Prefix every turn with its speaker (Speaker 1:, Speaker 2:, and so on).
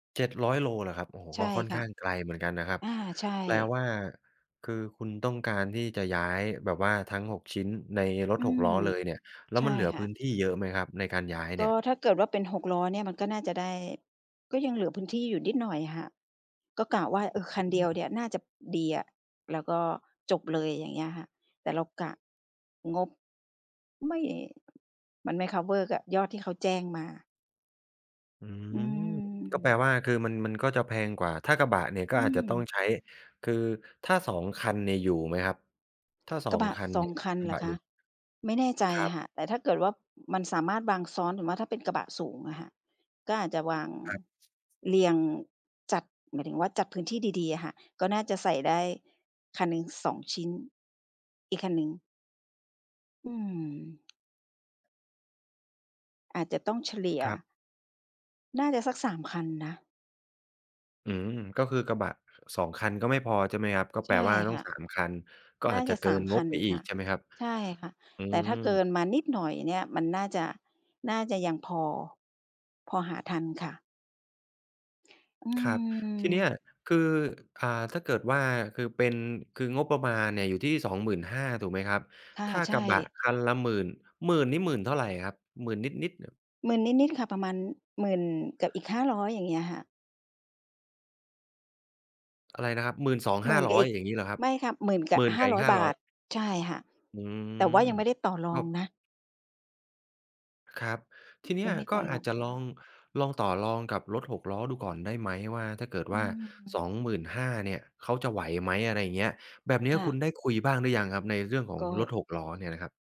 Speaker 1: 700 โลเหรอครับ โอ้โฮ!
Speaker 2: ใช
Speaker 1: ก
Speaker 2: ่
Speaker 1: ็ค่อน
Speaker 2: ค่
Speaker 1: ข
Speaker 2: ะ
Speaker 1: ้างไกลเหมือนกันนะครับ
Speaker 2: อา ใช่
Speaker 1: แปลว่าคือคุณต้องการที่จะย้ายแบบว่าทั้ง 6 ชิ้นในรถ
Speaker 2: อื
Speaker 1: 6
Speaker 2: ม
Speaker 1: ล้อเลยเนี่ย แล้
Speaker 2: ใ
Speaker 1: ว
Speaker 2: ช่
Speaker 1: มันเหลือ
Speaker 2: ค่
Speaker 1: พื้
Speaker 2: ะ
Speaker 1: นที่เยอะไหมครับ ในการย้าย
Speaker 2: ก
Speaker 1: เนี่
Speaker 2: ็
Speaker 1: ย?
Speaker 2: ถ้าเกิดว่าเป็น 6 ล้อเนี่ยมันก็น่าจะได้ ก็ยังเหลือพื้นที่อยู่นิดหน่อยอะค่ะ ก็กะว่า เออ คัน
Speaker 1: อ
Speaker 2: เดี
Speaker 1: ื
Speaker 2: ย
Speaker 1: ม
Speaker 2: วเนี่ยน่าจะดีอะแล้วก็จบเลย อย่างเงี้ยค่ะ แต่เรากะงบ ไม่ มันไม่ คัฟเวอร์ กับยอดที่เขาแจ้งมา
Speaker 1: อื
Speaker 2: อื
Speaker 1: ม ก็แปล
Speaker 2: ม
Speaker 1: ว่า คือมัน มันก็จะแพงกว่า ถ้ากระบะเนี่ยก
Speaker 2: อ
Speaker 1: ็
Speaker 2: ื
Speaker 1: อาจจะต้อง
Speaker 2: ม
Speaker 1: ใช้ คือถ้า 2 คันเนี่ยอยู่ไหมครับ? ถ้า ส
Speaker 2: ก
Speaker 1: อ
Speaker 2: ระ
Speaker 1: ง
Speaker 2: บะ
Speaker 1: คัน
Speaker 2: ส
Speaker 1: เน
Speaker 2: อ
Speaker 1: ี
Speaker 2: ง
Speaker 1: ่ย
Speaker 2: คัน
Speaker 1: กร
Speaker 2: เ
Speaker 1: ะ
Speaker 2: หร
Speaker 1: บ
Speaker 2: อ
Speaker 1: ะ
Speaker 2: ค
Speaker 1: อย
Speaker 2: ะ?
Speaker 1: ู่
Speaker 2: ไม่แน่ใจ
Speaker 1: ครับ
Speaker 2: ค่ะ แต่ถ้าเกิดว่ามันสามารถวางซ้อน หรือว่าถ้าเป็นกระบะสูงอะค่ะ ก็อาจจะวาง
Speaker 1: ครับ
Speaker 2: เรียงจัด หมายถึงว่าจัดพื้นที่ดี ๆ อะค่ะ ก็น่าจะใส่ได้คันหนึ่ง 2 ชิ้น อีกคันหนึ่ง อืม อาจจะต้องเฉลี่ย
Speaker 1: ครับ
Speaker 2: น่าจะสัก 3 คันนะ
Speaker 1: อืม ก็คือกระบะ 2 คันก็ไม่พอใช่ไหมครับ? ก็
Speaker 2: ใ
Speaker 1: แป
Speaker 2: ช
Speaker 1: ล
Speaker 2: ่
Speaker 1: ว่าต้
Speaker 2: ค
Speaker 1: อง
Speaker 2: ่ะ
Speaker 1: 3 คัน ก็
Speaker 2: น่
Speaker 1: อ
Speaker 2: า
Speaker 1: าจ
Speaker 2: จ
Speaker 1: จะ
Speaker 2: ะ
Speaker 1: เก
Speaker 2: ส
Speaker 1: ิ
Speaker 2: าม
Speaker 1: น
Speaker 2: ค
Speaker 1: ง
Speaker 2: ั
Speaker 1: บ
Speaker 2: น
Speaker 1: ไปอี
Speaker 2: ค่
Speaker 1: ก
Speaker 2: ะ
Speaker 1: ใช่ไหมครับ?
Speaker 2: ใช่ค่ะ
Speaker 1: อื
Speaker 2: แต่ถ
Speaker 1: ม
Speaker 2: ้าเกินมานิดหน่อยเนี่ย มันน่าจะ น่าจะยังพอ พอหาทันค่ะ อื
Speaker 1: ครับ ทีเนี้ย
Speaker 2: ม
Speaker 1: คือ อ่า ถ้าเกิดว่า คือเป็น คืองบประมาณเนี่ยอยู่ที่ 25,000 ถูกไหมครับ?
Speaker 2: ค่ะ
Speaker 1: ถ้า
Speaker 2: ใช
Speaker 1: ก
Speaker 2: ่
Speaker 1: ระบะคันละ 10,000 หมื่นนี่ หมื่นเท่าไรครับ? หมื่นนิด ๆ เนิบ
Speaker 2: 10,000 นิด ๆ ค่ะ ประมาณ 10,000 กับอีก 500 อย่างเงี้ยค่ะ
Speaker 1: อะไรนะครับ หมื่นสอง
Speaker 2: หม
Speaker 1: ห้
Speaker 2: ื
Speaker 1: า
Speaker 2: ่น
Speaker 1: ร
Speaker 2: ก
Speaker 1: ้
Speaker 2: ั
Speaker 1: อ
Speaker 2: บ
Speaker 1: ย
Speaker 2: อีก
Speaker 1: อย่างงี้เหรอครับ?
Speaker 2: ไม่ค่ะ 10,000 กั
Speaker 1: ห
Speaker 2: บ
Speaker 1: มื่น
Speaker 2: ห้
Speaker 1: กั
Speaker 2: า
Speaker 1: บอี
Speaker 2: ร้
Speaker 1: ก
Speaker 2: อย
Speaker 1: ห้า
Speaker 2: บ
Speaker 1: ร้
Speaker 2: า
Speaker 1: อย
Speaker 2: ท ใช่ค่ะ
Speaker 1: อื
Speaker 2: แต่ว่า
Speaker 1: ม
Speaker 2: ยังไม่ได้ต่อร
Speaker 1: ก
Speaker 2: อ
Speaker 1: ็
Speaker 2: งนะ
Speaker 1: ครับ ทีเนี
Speaker 2: ย
Speaker 1: ้
Speaker 2: ั
Speaker 1: ย
Speaker 2: งไม่ได้
Speaker 1: ก
Speaker 2: ต่
Speaker 1: ็
Speaker 2: อร
Speaker 1: อา
Speaker 2: อ
Speaker 1: จ
Speaker 2: ง
Speaker 1: จะ
Speaker 2: เขา
Speaker 1: ลอง ลองต่อรองกับรถ 6 ล้อดูก่อนได้ไหมว่า ถ้าเกิด
Speaker 2: อ
Speaker 1: ว
Speaker 2: ื
Speaker 1: ่า ส
Speaker 2: ม
Speaker 1: องหมื่นห้า เนี่ยเขาจะไหวไหม? อะไรเงี้ย แบบเนี
Speaker 2: ค
Speaker 1: ้ย
Speaker 2: ่
Speaker 1: ค
Speaker 2: ะ
Speaker 1: ุณได้คุยบ้างหรือยังครับ ในเรื่องขอ
Speaker 2: ก
Speaker 1: งรถ
Speaker 2: ็
Speaker 1: 6 ล้อเนี่ยนะครับ?